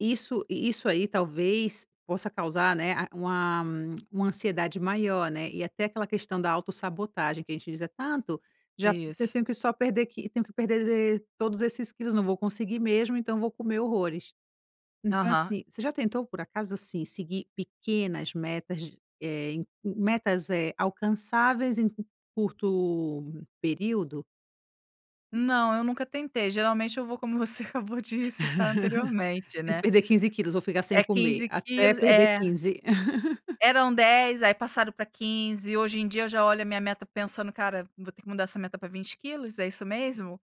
Isso. E isso aí, talvez, possa causar, né, a uma uma ansiedade maior, né. E até aquela questão da autossabotagem, que a gente diz: "É tanto, já porque eu Isso. tenho que só perder que eu tenho que perder todos esses quilos. Não vou conseguir mesmo, então vou comer horrores". Então, Aham. assim, você já tentou, por acaso assim, seguir pequenas metas, eh, en hum, metas, eh, alcançáveis em um curto período? Não, eu nunca tentei, geralmente eu vou como você acabou de citar anteriormente "Tenho que né, perder 15 quilos, vou ficar sem é comer 15 até quilos. perder É. 15". Eram 10, aí passaram pra 15, hoje em dia eu já olho a minha meta pensando "cara, vou ter que mudar essa meta para 20 quilos, é isso mesmo?"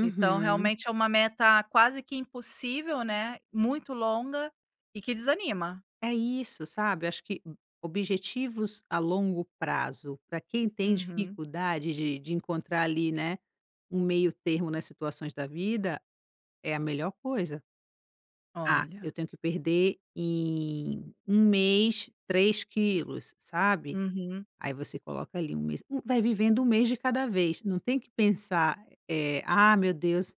Então realmente é uma meta quase que impossível, né, muito longa, e que desanima. É isso, sabe. Acho que, hum, objetivos a longo prazo pra quem tem Uhum. dificuldade de de encontrar ali, né, um meio termo nas situações da vida, é a melhor coisa. "Ah, eu Olha. tenho que perder em 1 mês 3 quilos", sabe? Uhum. Aí você coloca ali 1 mês, hum, vai vivendo 1 mês de cada vez, não tem que pensar, eh: "Ah, meu Deus,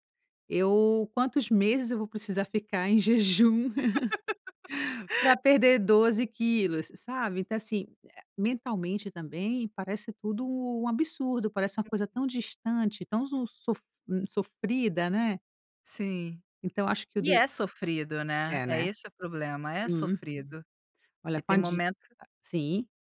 eu quantos meses eu vou precisar ficar em jejum pra perder 12 quilos?", sabe? Então, assim, eh, mentalmente também parece tudo um absurdo, parece uma coisa Uhum. tão distante, tão su sof hum, sofrida, né? Sim. Então acho que o E de é sofrido, né? É, É né? esse o problema, é Uhum. sofrido, Olha que com tem a dieta momento sim.